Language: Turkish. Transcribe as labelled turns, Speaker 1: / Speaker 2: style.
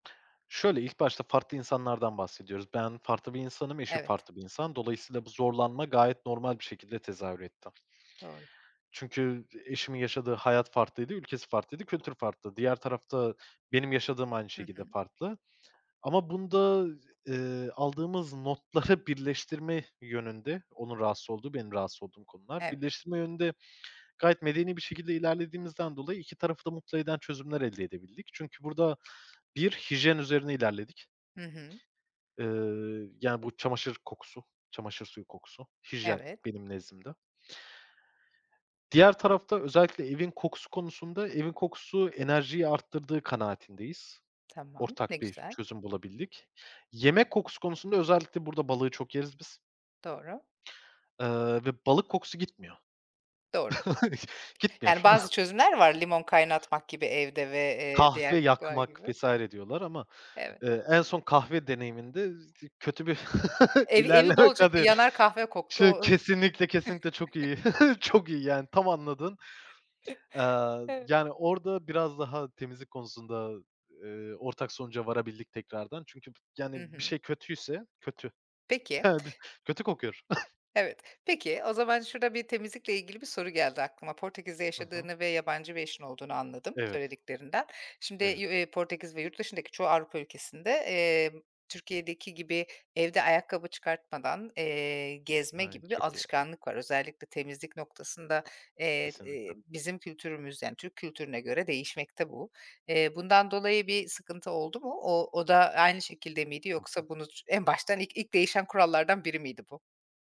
Speaker 1: Şöyle, ilk başta farklı insanlardan bahsediyoruz. Ben farklı bir insanım, eşim
Speaker 2: Evet.
Speaker 1: farklı bir insan. Dolayısıyla bu zorlanma gayet normal bir şekilde tezahür etti.
Speaker 2: Doğru.
Speaker 1: Çünkü eşimin yaşadığı hayat farklıydı, ülkesi farklıydı, kültür farklı. Diğer tarafta benim yaşadığım aynı
Speaker 2: Hı
Speaker 1: şekilde
Speaker 2: hı.
Speaker 1: farklı ama bunda, eee, aldığımız notları birleştirme yönünde, onun rahatsız olduğu, benim rahatsız olduğum konular,
Speaker 2: Evet.
Speaker 1: birleştirme yönünde gayet medeni bir şekilde ilerlediğimizden dolayı 2 tarafı da mutlu eden çözümler elde edebildik. Çünkü burada bir hijyen üzerine ilerledik.
Speaker 2: Hı hı.
Speaker 1: Eee, yani bu çamaşır kokusu, çamaşır suyu kokusu, hijyen
Speaker 2: Evet.
Speaker 1: benim nezdimde. Diğer tarafta özellikle evin kokusu konusunda, evin kokusu enerjiyi arttırdığı kanaatindeyiz.
Speaker 2: Tamam, ne
Speaker 1: Ortak bir
Speaker 2: güzel.
Speaker 1: çözüm bulabildik. Yemek kokusu konusunda özellikle burada balığı çok yeriz biz.
Speaker 2: Doğru.
Speaker 1: Eee, ve balık kokusu gitmiyor.
Speaker 2: Doğru.
Speaker 1: Gitmiyor.
Speaker 2: Yani bazı çözümler var, limon kaynatmak gibi evde ve, eee,
Speaker 1: Kahve
Speaker 2: diğer kokular
Speaker 1: yakmak
Speaker 2: gibi.
Speaker 1: vs. diyorlar ama,
Speaker 2: Evet.
Speaker 1: eee, en son kahve deneyiminde z ı kötü bir
Speaker 2: Ev evi
Speaker 1: ilerleme
Speaker 2: bolca
Speaker 1: kate
Speaker 2: yanar kahve koktu.
Speaker 1: [unintelligible]
Speaker 2: [unintelligible]
Speaker 1: kesinlikle, kesinlikle çok iyi, çok iyi yani tam anladın. Eee,
Speaker 2: Evet.
Speaker 1: yani orada biraz daha temizlik konusunda, eee, ortak sonuca varabildik tekrardan. Çünkü
Speaker 2: Hı
Speaker 1: yani bir
Speaker 2: hı.
Speaker 1: şey kötüyse kötü,
Speaker 2: Peki
Speaker 1: [unintelligible] kötü kokuyor.
Speaker 2: Evet. Peki, o zaman şurada bir temizlikle ilgili bir soru geldi aklıma. Portekiz'de
Speaker 1: Hı hı.
Speaker 2: yaşadığını ve yabancı bir eşin olduğunu anladım
Speaker 1: Evet.
Speaker 2: söylediklerinden. Şimdi,
Speaker 1: Evet.
Speaker 2: eee, Portekiz ve yurt dışındaki çoğu Avrupa ülkesinde, eee, Türkiye'deki gibi evde ayakkabı çıkartmadan, eee, gezme
Speaker 1: Ay,
Speaker 2: gibi bir
Speaker 1: çok iyi. [unintelligible]
Speaker 2: alışkanlık var. Özellikle temizlik noktasında, eee, eee,
Speaker 1: Kesinlikle.
Speaker 2: bizim kültürümüz yani Türk kültürüne göre değişmekte bu. Eee, bundan dolayı bir sıkıntı oldu mu? O o da aynı şekilde miydi
Speaker 1: Hı hı.
Speaker 2: yoksa bunu en baştan ilk, ilk değişen kurallardan biri miydi bu?